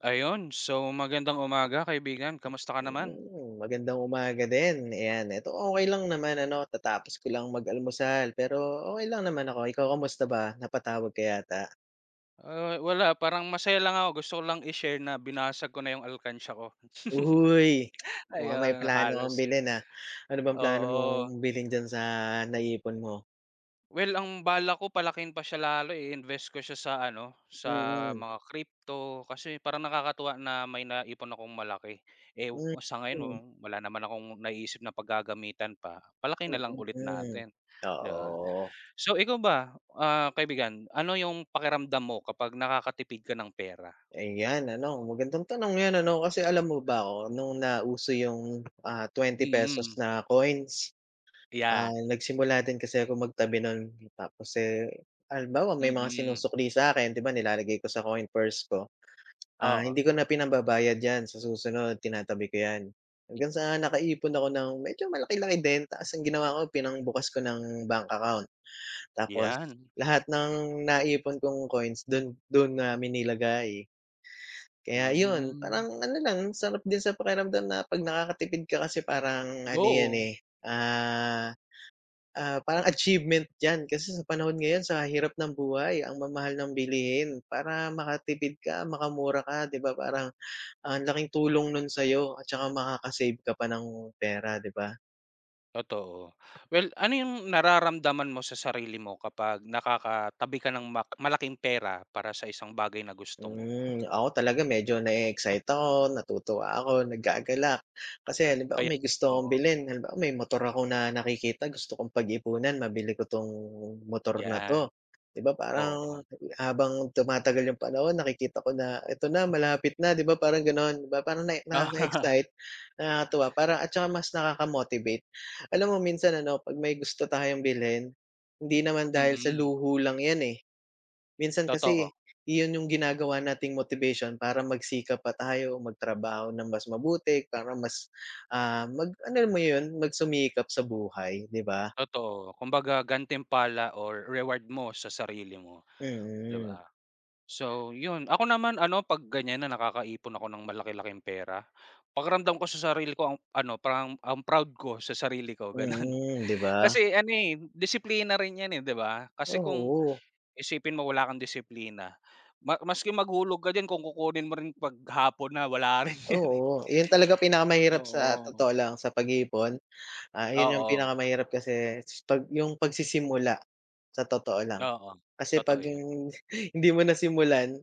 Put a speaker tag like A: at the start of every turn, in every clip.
A: Ayun, so magandang umaga kaibigan. Kamusta ka naman?
B: Hmm, magandang umaga din. Ayan, eto okey lang naman ano. Katatapos ko lang mag-almusal, pero okay lang naman ako. Ikaw kamusta ba, napatawag ka yata?
A: Ah, wala parang masaya lang ako. Gusto ko lang i-share na binasag ko na yung alkansya ko.
B: Uy, mukhang may
A: Ayon,
B: plano kang
A: halos
B: bilhin ah. Ano bang plano
A: Oo.
B: mong bilhin diyan sa naipon mo?
A: Well, ang balak ko palakihin pa siya lalo eh, invest ko siya sa ano, sa
B: Mm.
A: mga crypto, kasi parang nakakatuwa na may naipon akong malaki. Eh,
B: Mm,
A: sa ngayon wa
B: hmm.
A: wala naman akong naiisip na paggagamitan pa, palakihin na lang
B: Mm,
A: ulit
B: hmm,
A: natin, 'di ba.
B: oo.
A: So ikaw ba, ah, kaibigan, ano yung pakiramdam mo kapag nakakatipid ka ng pera?
B: Ayan ano, magandang tanong yan ano, kasi alam mo ba ako, nung nauso yung ah ₱20
A: Mm.
B: na coins, ah,
A: Iyan.
B: nagsimula din kasi akong magtabi nun. Tapos eh, halimbawa may mga
A: Mm.
B: sinusukli sa'kin, 'di ba, nilalagay ko sa coin purse ko. Ah,
A: Oo.
B: hindi ko na pinambabayad yan sa susunod, tinatabi ko yan,
A: Hmm.
B: hanggang sa nakaipon ako ng medyo malaki-laki din, tas ang ginawa ko pinangbukas ko ng bank account. Tapos
A: Iyan.
B: lahat ng naipon kong coins dun, dun namin nilagay. Kaya yun,
A: Mhm.
B: parang ano lang. sarap din sa pakiramdam na 'pag nakakatipid ka kasi parang, ano yan
A: Go.
B: eh, ah, ah, parang achievement 'yan, kasi sa panahon ngayon sa hirap ng buhay, ang mamahal ng bilihin. Para makatipid ka, makamura ka, 'di ba, parang ang laking tulong nun sa'yo at tsaka makaka-save ka pa ng pera, 'di ba?
A: Totoo, well, ano yung nararamdaman mo sa sarili mo, kapag nakakatabi ka ng ma-malaking pera para sa isang bagay na gusto mo?
B: Hmm, ako talaga medyo
A: Yun.
B: na-e-excite ako, natutuwa ako, naggagalak. Kasi halimbawa
A: Ayan,
B: may gusto akong
A: oo.
B: bilhin, halimbawa may motor ako na nakikita gusto kong pag-iipunan, mabili ko tong motor na
A: Yan,
B: 'to. 'Di ba parang,
A: oo.
B: habang tumatagal yung panahon, nakikita ko na, "Ito na malapit na", 'di ba parang ganon. 'Di ba parang nae nakaka-excite, nakakatuwa, parang at tsaka mas nakaka-motivate. Alam mo minsan ano, 'pag may gusto tayong bilhin, hindi naman dahil sa
A: Mm.
B: luho lang yan eh. Minsan
A: Totoo.
B: kasi, yun yung ginagawa nating motivation para magsikap at ayaw magtrabaho ng mas mabuti, para mas ah, mag alam mo yun, magsumikap sa buhay, 'di ba?
A: Totoo. Kumbaga gantimpala, or reward mo sa sarili mo, di
B: Mm.
A: ba? So yun, ako naman ano, 'pag ganyan na nakakaipon ako ng malaki-laking pera, pakiramdam ko sa sarili ko ang, ano parang, ang proud ko sa sarili ko, ganon.
B: Mm, 'di ba?
A: Kasi ano eh, disiplina rin yan eh, 'di ba? Kasi kung,
B: Oo.
A: isipin mo wala kang disiplina ma maski maghulog ka diyan kung kukunin mo rin 'pag hapon na, wala rin yan eh.
B: Oo, yun talaga pinakamahirap sa
A: Oo.
B: totoo lang, sa
A: Hmm,
B: pag-iipon. Ah, yun yung
A: oo.
B: pinakamahirap kasi 'pag yung pagsisimula sa totoo lang.
A: Oo,
B: Kasi
A: totoo
B: 'pag
A: yan.
B: yung hindi mo nasimulan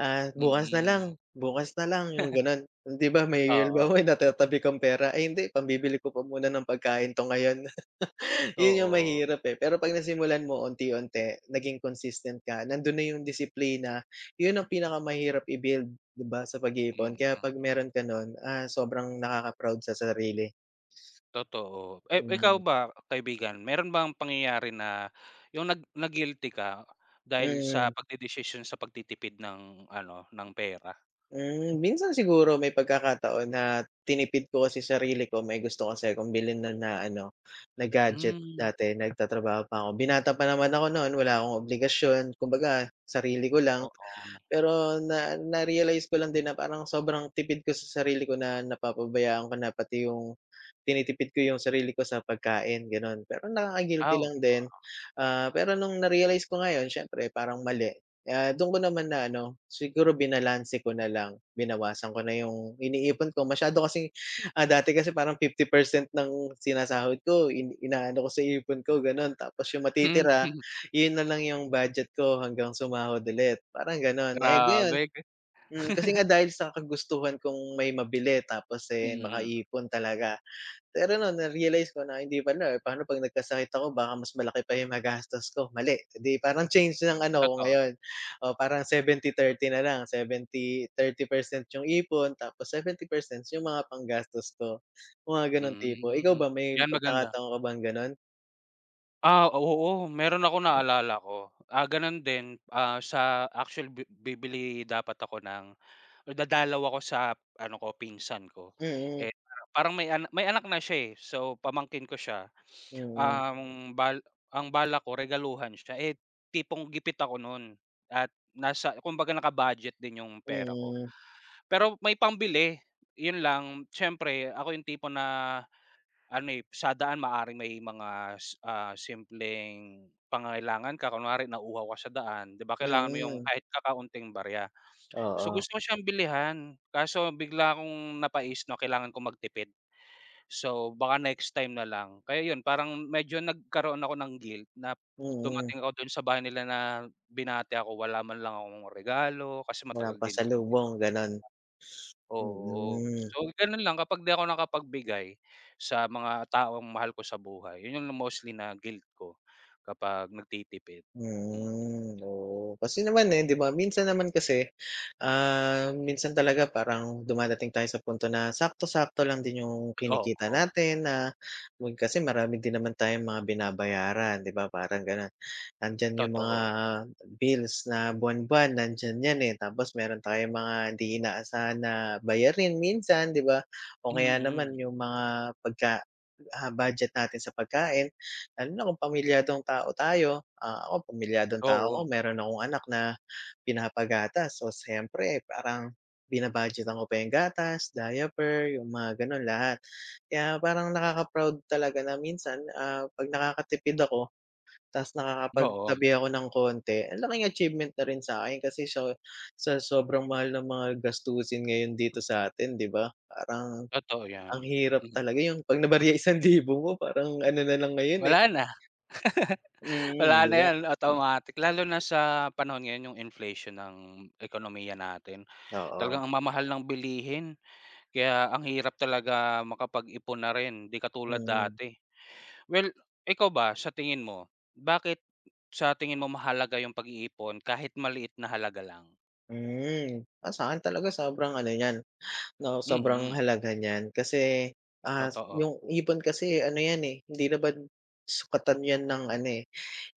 B: ah, "Bukas na lang,
A: Mm.
B: bukas na lang", yung ganon. Hindi ba may
A: Oo.
B: halimbawa, may natatabi kang pera, "Ay hindi pambibili ko pa muna ng pagkain 'to ngayon". Yun yung
A: Oo.
B: mahirap eh, pero 'pag nasimulan mo unti-unti, naging consistent ka, nandun na yung disiplina, yun ang pinakamahirap i-build, 'di ba, sa pag-iipon. Kaya
A: Mm.
B: 'pag meron ka nun, ah, sobrang nakaka-proud sa sarili.
A: Totoo. Eh, ikaw
B: [unintelligible]
A: ba kaibigan, meron bang pangyayari na, yung nag na-guilty ka, dahil sa
B: Mm.
A: pagdedesisyon sa pagtitipid ng ano, ng pera?
B: Hmm, minsan siguro may pagkakataon na, tinipid ko kasi sarili ko. May gusto kasi akong bilhin no'n na ano, na gadget
A: Hmm.
B: dati nagtatrabaho pa ako. Binata pa naman ako no'n, wala akong obligasyon, kumbaga sarili ko lang.
A: Oo.
B: Pero na narealize ko lang din na parang sobrang tipid ko sa sarili ko, na napapabayaan ko na. Pati yung tinitipid ko yung sarili ko sa pagkain, gano'n. Pero
A: Ah,
B: nakaka-guilty
A: oom.
B: lang din. Ah, pero no'ng narealize ko ngayon siyempre parang mali. Kaya do'n ko naman na ano, siguro binalanse ko na lang. Binawasan ko na yung iniipon ko, masyado kasing, ah, dati kasi parang 50% ng sinasahod ko in inaano ko sa ipon ko gano'n. Tapos yung matitira,
A: Mhm.
B: 'yon na lang yung budget ko hanggang sumahod ulit, parang gano'n, eh. Ngayon,
A: Grabe.
B: hmm, kasi nga dahil sa kagustuhan kong may mabili tapos, eh,
A: Mhm.
B: makaipon talaga. Pero no'n narealize ko na hindi pala. Pa'no 'pag nagkasakit ako, baka mas malaki pa yung magastos ko mali, 'di parang change ng ano, ako
A: Totoo.
B: ngayon. Oo, parang 70 30 na lang, 70 30% yung ipon tapos 70% yung mga panggastos ko, yung mga gano'n tipo. Ikaw
A: Hmm,
B: ba, may
A: 'yan maganda.
B: pagkakataon ka bang ganon?
A: Ah, oo, meron akong naalala ko, ah, ganun din, ah, sa actually bi bibili dapat ako ng dadalaw ako sa ano ko pinsan ko,
B: Mm.
A: eh, parang may a may anak na siya, eh, so pamangkin ko siya
B: Mm.
A: ang ang bal balak ko regaluhan siya, eh, tipong gipit ako nun at nasa kumbaga naka-budget din yung pera ko.
B: Mm.
A: Pero may pambili, yun lang siyempre ako yung tipo na ano, eh, sa daan maaaring may mga, ah, s simpleng pangangailangan ka, kunwari nauhaw ka sa daan di ba kailangan mo yung
B: Mm.
A: kahit kakaunting barya so,
B: Oo.
A: gusto ko siyang bilihan kaso bigla akong napaisip na kailangan kong magtipid. So, baka next time na lang, kaya 'yon parang medyo nagkaroon ako ng guilt na
B: Mm.
A: dumating ako doon sa bahay nila na binati ako wala man lang akong regalo kasi
B: Walang
A: matagal ding hindi
B: pasalubong ganon,
A: Oo,
B: mm.
A: so ganun lang kapag di ako nakapagbigay sa mga taong mahal ko sa buhay yun yung mostly na guilt ko kapag nagtitipid. Mm.
B: Mm, oo kasi naman, eh, 'di ba minsan naman kasi, ah, minsan talaga parang dumadating tayo sa punto na sakto-sakto lang din yung kinikita
A: Oo.
B: natin na nun kasi marami din naman tayong mga binabayaran, di ba, parang ganon. Nandiyan yung mga
A: Totoo.
B: bills na buwan-buwan nandiyan 'yan, eh, tapos meron tayong mga hindi inaasahan na bayarin minsan, di ba? O kaya
A: Mm.
B: naman yung mga pagka, ah, budget natin sa pagkain lalo na kung pamilyadong tao tayo, ah, ako pamilyadong tao ko
A: Oo.
B: meron akong anak na pinapagatas o siyempre parang bina-budgetan ko pa yung gatas, diaper, yung mga ganon lahat. Kaya parang nakaka-proud talaga na minsan, ah, 'pag nakakatipid ako tapos nakakapag
A: Oo.
B: tabi ako ng konti ang laking achievement na rin sakin kasi sa sa sobrang mahal ng mga gastusin ngayon dito sa atin di ba, parang,
A: Totoo
B: ang
A: yan.
B: hirap talaga yung 'pag nabarya isang libo mo parang ano nalang ngayon, eh.
A: Wala na.
B: Mm,
A: Wala
B: di
A: na
B: ba?
A: yan automatic, lalo na sa panahon ngayon yung inflation ng ekonomiya natin,
B: Oo.
A: talagang ang mamahal ng bilihin, kaya ang hirap talaga makapag-ipon na rin, 'di katulad
B: Mm.
A: dati. Well, ikaw ba sa tingin mo bakit sa tingin mo mahalaga yung pag-iipon kahit maliit na halaga lang?
B: Hmm, ah, sa'kin talaga sobrang ano niyan, 'no? Sobrang
A: Mm.
B: halaga niyan. Kasi, ah,
A: Totoo.
B: 'yong ipon kasi, ano yan eh, hindi naman, sukatan yan ng ano eh,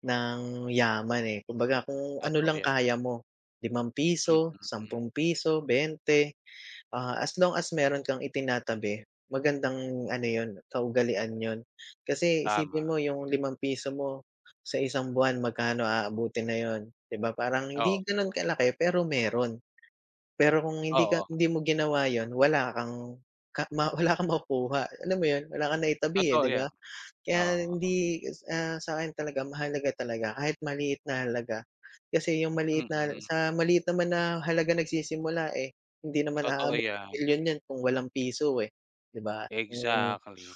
B: ng yaman eh. Kumbaga, kung ano
A: Totoo
B: lang
A: yan.
B: kaya mo limang
A: Hmm,
B: piso,
A: mm.
B: ₱10, 20, ah, as long as, meron kang itinatabi, magandang ano 'yon, kaugalian 'yon. Kasi
A: Tama.
B: isipin mo 'yong ₱5 mo, sa isang buwan magkano aabutin na 'yon, 'di ba, parang
A: Oo.
B: hindi gano'n kalaki, pero meron. Pero kung hindi ka
A: Oo.
B: hindi mo ginawa 'yon, wala kang ka ma wala kang makukuha. Alam mo 'yon, wala kang naitabi eh,
A: Totoo
B: 'di
A: yan,
B: ba? Kaya
A: oo, oh.
B: hindi, ah, sa'kin talaga mahalaga talaga, kahit maliit na halaga, kasi 'yong maliit na
A: Mm.
B: sa maliit naman na halaga nagsisimula eh. Hindi naman
A: Totoo
B: aabot ng
A: yan.
B: milyon yan kung walang piso eh, 'di ba? Mm,
A: Exactly.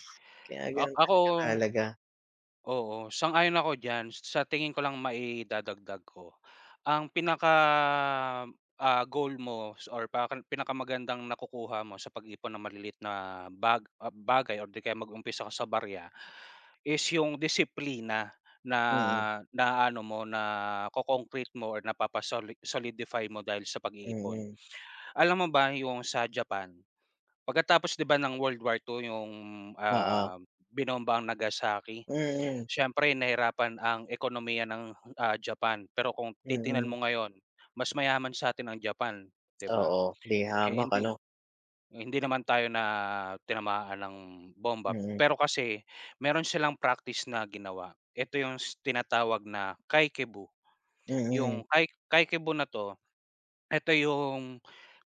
B: kaya
A: Ah,
B: gano'n
A: ako,
B: talaga kahalaga.
A: oo, sang-ayon ako diyan, sa tingin ko lang maidadagdag ko, ang pinaka ah, goal mo s or pakan pinakamagandang nakukuha mo sa pag-ipon ng maliliit na bag ah, bagay or 'di kaya mag-umpisa ako sa barya, is 'yong disiplina.
B: Mm.
A: Na na, ano mo na-ko-concrete mo or napapa-soli-solidify mo dahil sa pag-iipon.
B: Mm.
A: Alam mo ba 'yong sa Japan, pagkatapos 'di ba ng World War II 'yong
B: Oo.
A: ah, binombang Nagasaki,
B: Mm.
A: siyempre nahirapan ang ekonomiya ng, ah, Japan. Pero kung titingnan
B: Mm.
A: mo ngayon, mas mayaman sa atin ang Japan, 'di ba?
B: Oo, 'di
A: Eh,
B: hamak
A: hindi
B: ano.
A: eh, hindi naman tayo na tinamaan ng bomba.
B: Mm.
A: Pero kasi, meron silang practice na ginawa, eto 'yong s tinatawag na Kakeibo.
B: Mm.
A: 'Yong Ka Kakeibo na 'to, eto 'yong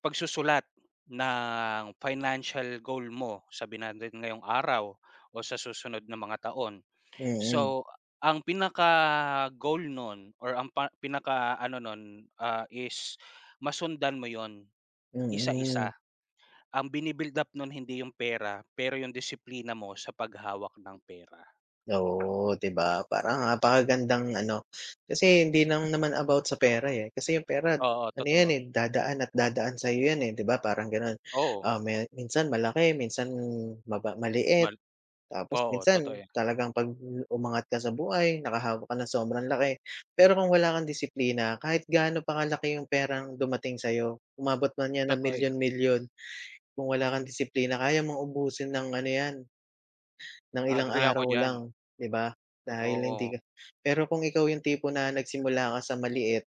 A: pagsusulat ng financial goal mo, sabihin na natin ngayong araw, o sa susunod na mga taon.
B: Mm.
A: So, ang pinaka-goal noon or ang par pinakaano noon, ah, is masundan mo 'yon,
B: Mm.
A: isa-isa. Ang bi-ni-build up noon hindi 'yong pera, pero 'yong disiplina mo sa paghawak ng pera.
B: Oo, 'di ba, parang napakagandang ano kasi hindi lang naman about sa pera eh, kasi 'yong pera,
A: Oo,
B: ano yan
A: totoo.
B: eh, dadaan at dadaan sa'yo yan eh, 'di ba, parang gano'n.
A: Oo.
B: Ah, maya minsan malaki, minsan maba maliit,
A: Mal
B: tapos
A: oo, totoo
B: minsan
A: yan.
B: talagang 'pag umangat ka sa buhay, nakahawak ka ng sobrang laki. Pero kung wala kang disiplina, kahit gaano pa kalaki 'yong perang dumating sa'yo, umabot man yan ng
A: Totoo yan.
B: milyon-milyon, kung wala kang disiplina, kaya mong ubusin nang ano yan, nang
A: A
B: ilang
A: agree ako
B: araw
A: diyan.
B: lang, 'di ba?
A: O
B: Dahil
A: oo.
B: hindi ka pero kung ikaw 'yong tipo na nagsimula ka sa maliit,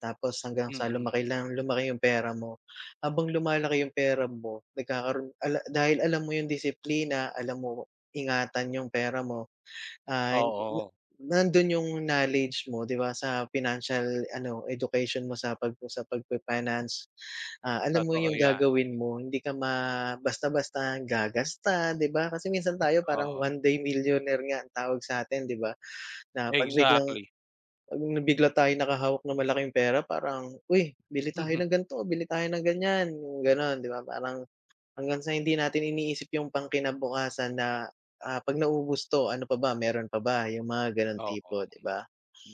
B: tapos hanggang sa
A: Mm.
B: lumaki lang lumaki 'yong pera mo, habang lumalaki 'yong pera mo. nagkakaroon ka la dahil alam mo 'yong disiplina, alam mo ingatan 'yong pera mo, ah, na na
A: Oo.
B: nandun 'yong knowledge mo, 'di ba, sa financial ano, education mo sa pag sa pag-fi-finance. Ah, alam mo
A: Totoo
B: 'yong
A: yan.
B: gagawin mo hindi ka ma basta-basta gagasta, 'di ba? Kasi minsan tayo, parang,
A: Oo.
B: one day millionaire nga, ang tawag sa atin, 'di ba? Na 'pag biglang
A: Exactly.
B: 'pag nabigla tayong nakahawak ng malaking pera parang, "Uy, bili tayo
A: Mhm.
B: ng gan'to, bili tayo ng ganyan". 'Yong gano'n, 'di ba, parang hanggang sa hindi natin iniisip 'yong pang kinabukasan na, ah, "'Pag naubos 'to, ano pa ba, meron pa ba?", 'yong mga gano'ng
A: Oo.
B: tipo, 'di ba?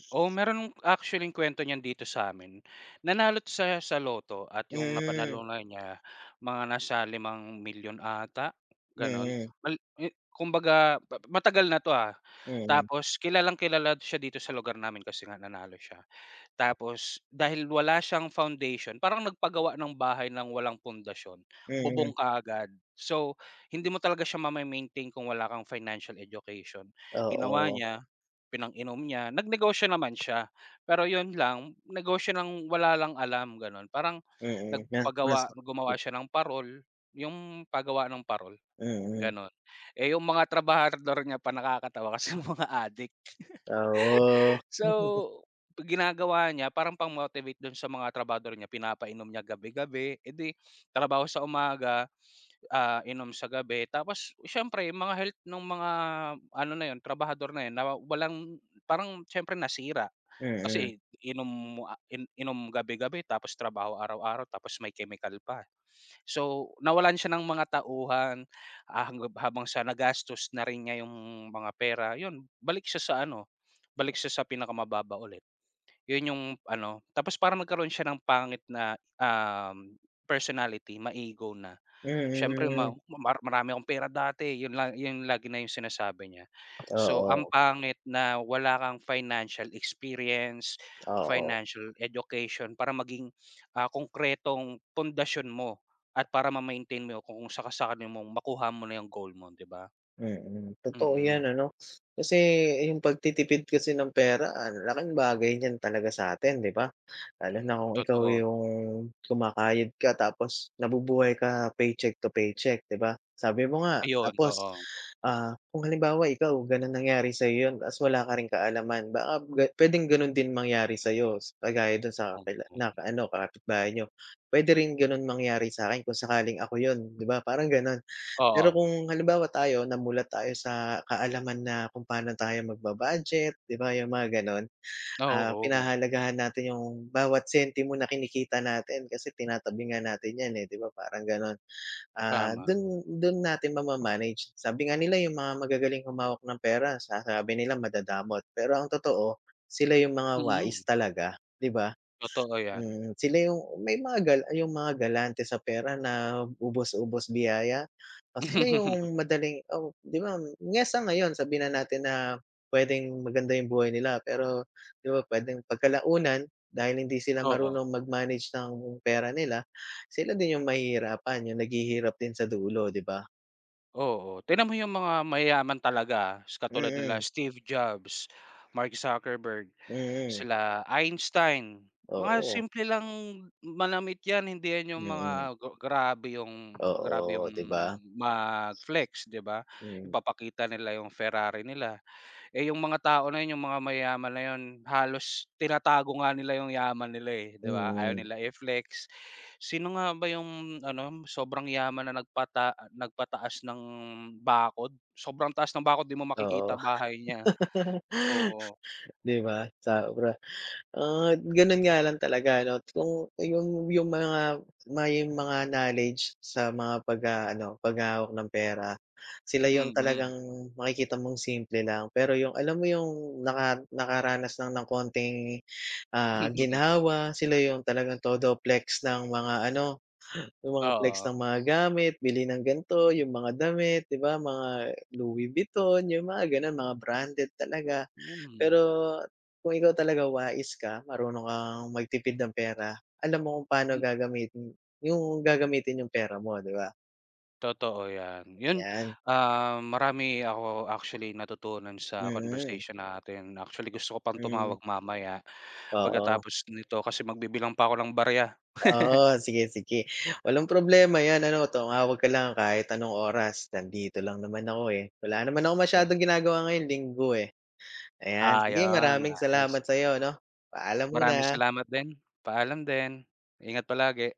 A: Oo meron, actually, kuwento niyan dito sa'min. Nanalo siya, sa lotto, at 'yong
B: Mm.
A: napanalunan niya, mga nasa 5,000,000 ata, gano'n.
B: Mm.
A: Mal i Kumbaga, ma-matagal na 'to ah,
B: Mm.
A: tapos kilalang-kilala siya dito sa lugar namin, kasi nga nanalo siya. Tapos dahil wala siyang foundation, parang nagpagawa ng bahay ng walang pundasyon,
B: Mm.
A: bubong kaagad. So, hindi mo talaga siya mame-maintain kung wala kang financial education. Ginawa
B: Oo.
A: niya, pinang-inom niya, nag-negosyo naman siya, pero 'yon lang, negosyo nang wala lang alam, gano'n. Parang
B: Mm, na mas
A: nagpagawa
B: hmm.
A: gumawa siya ng parol, 'yong pagawaan ng parol,
B: Mm.
A: gano'n. Eh, 'yong mga trabahador niya pa nakakatawa kasi mga adik.
B: Oo
A: So, ginagawa niya, parang pang-motivate dun sa mga trabahador niya, pinapainom niya gabi-gabi, eh di, trabaho sa umaga, ah, inom sa gabi. Tapos, siyempre mga health noong mga, ano na 'yon, trabahador na 'yon, nawa walang parang siyempre nasira.
B: Mm.
A: Kasi inom, ah, inom gabi-gabi, tapos trabaho araw-araw, tapos may chemical pa. So, nawalan siya ng mga tauhan, ah, hangga habang sa nagastos na rin niya 'yong mga pera. 'Yon balik siya sa ano, balik siya sa pinakamababa ulit. 'Yon 'yong ano tapos parang nagkaroon siya ng pangit na, um, personality, ma-ego na. Siyempre, "Ma
B: Mm.
A: mar marami akong pera dati", 'yon la 'yon lagi na 'yong sinasabi niya. So, ang
B: Oo.
A: pangit na, wala kang financial experience,
B: Oo.
A: financial education. Para maging ah, konkretong pundasyon mo, at para ma-maintain mo kung saka-sakali mong makuha mo na 'yong goal mo, 'di ba?
B: Mm, totoo
A: Mm.
B: yan ano. Kasi, 'yong pagtitipid kasi ng pera, ang laking bagay niyan talaga sa'tin, 'di ba? Lalo na kung ikaw
A: Totoo.
B: 'yong, kumakayod ka tapos, nabubuhay ka paycheck to paycheck, 'di ba? Sabi mo nga
A: Ayun,
B: tapos
A: oo.
B: ah, kung halimbawa ikaw ganun nangyari sa'yo 'yon, tapos wala ka rin kaalaman baka ga puwedeng gano'n din mangyari sa'yo. Kagaya dun sa kakila naka
A: [unintelligible]
B: ano na kapitbahay niyo, puwede rin gano'n mangyari sa'kin kung sakaling ako 'yon, 'di ba, parang gano'n. Pero
A: Oo.
B: kung halimbawa tayo, namulat tayo sa kaalaman na, kung paano tayo magba-budget, 'di ba, 'yong mga gano'n.
A: Ah,
B: Ah,
A: oo.
B: pinahahalagahan natin 'yong, bawat sentimo na kinikita natin, kasi tinatabi nga natin yan, eh, 'di ba, parang gan'on. Ah,
A: Tama.
B: dun dun natin ma-ma-manage. Sabi nga nila, 'yong mga magagaling humawak ng pera, sa sabi nila madadamot. Pero ang totoo, sila 'yong mga wais
A: Mm.
B: talaga, 'di ba?
A: Totoo yan.
B: Mm, sila 'yong may mga gal 'yong mga galante sa pera na, ubos-ubos biyaya o sila 'yong madaling oh, di ba? Niya sa ngayon, sabihin na natin na, puwedeng maganda 'yong buhay nila, pero, 'di ba, puwedeng pagkalaunan dahil hindi sila
A: Oo.
B: marunong mag-manage ng pera nila, sila din 'yong mahihirapan, 'yong naghihirap din sa dulo, 'di ba?
A: Oo, tignan mo yung mga mayayaman talaga. S katulad nila
B: Mm.
A: Steve Jobs, Mark Zuckerberg,
B: Mm.
A: sila Einstein, mga
B: Oo.
A: simple lang manamit yan, hindi yan yung mga,
B: Mm.
A: grabe yung grabe yung
B: Oo, di ba?
A: mag-flex, 'di ba?
B: Mm.
A: Yung papakita nila yung Ferrari nila, Eh, yung mga tao na yun, yung mga mayaman na yun, halos tinatago nga nila yung yaman nila, eh, 'di ba, ayaw
B: Hmm.
A: nila i-flex. Sino nga ba yung ano, sobrang yaman na nagpata nagpataas ng bakod, sobrang taas ng bakod, 'di mo
B: Oo.
A: makikita bahay niya. Oo.
B: 'Di ba, sobra. Ah, ganun nga lang talaga ano, kung yung yung mga may mga knowledge sa mga pagha ano, paghawak ng pera, sila yung
A: Mm.
B: talagang makikita mong simple lang, pero yung, alam mo yung, naka-nakaranas lang ng konting, ah, ginhawa, sila yung talagang todo flex ng mga ano, yung mga flex
A: Oo.
B: ng mga gamit, bili ng gan'to, yung mga damit, 'di ba? Mga Louis Vuitton, yung mga ganon, mga branded talaga. Pero,
A: Mm.
B: kung ikaw talaga wais ka, marunong kang magtipid ng pera, alam mo kung paano
A: Hmm.
B: gagamitin yung gagamitin yung pera mo, di ba?
A: Totoo yan, yun,
B: Ayan.
A: ah, marami ako actually, natutunan sa
B: Mm.
A: conversation natin. Actually, gusto ko pang
B: Hmm.
A: tumawag mamaya,
B: Oo.
A: pagkatapos nito, kasi magbibilang pa ako ng barya.
B: Oo, sige-sige, walang problema 'yan. Ano tumawag ka lang kahit anong oras, nandito lang naman ako, eh, wala naman akong
A: Kaya
B: masyadong ginagawa ngayon, Linggo, eh. Ayan, sige
A: Ayon,
B: maraming
A: ayos.
B: salamat sa'yo, 'no. Paalam
A: Maraming
B: muna.
A: salamat din, paalam din, ingat palagi.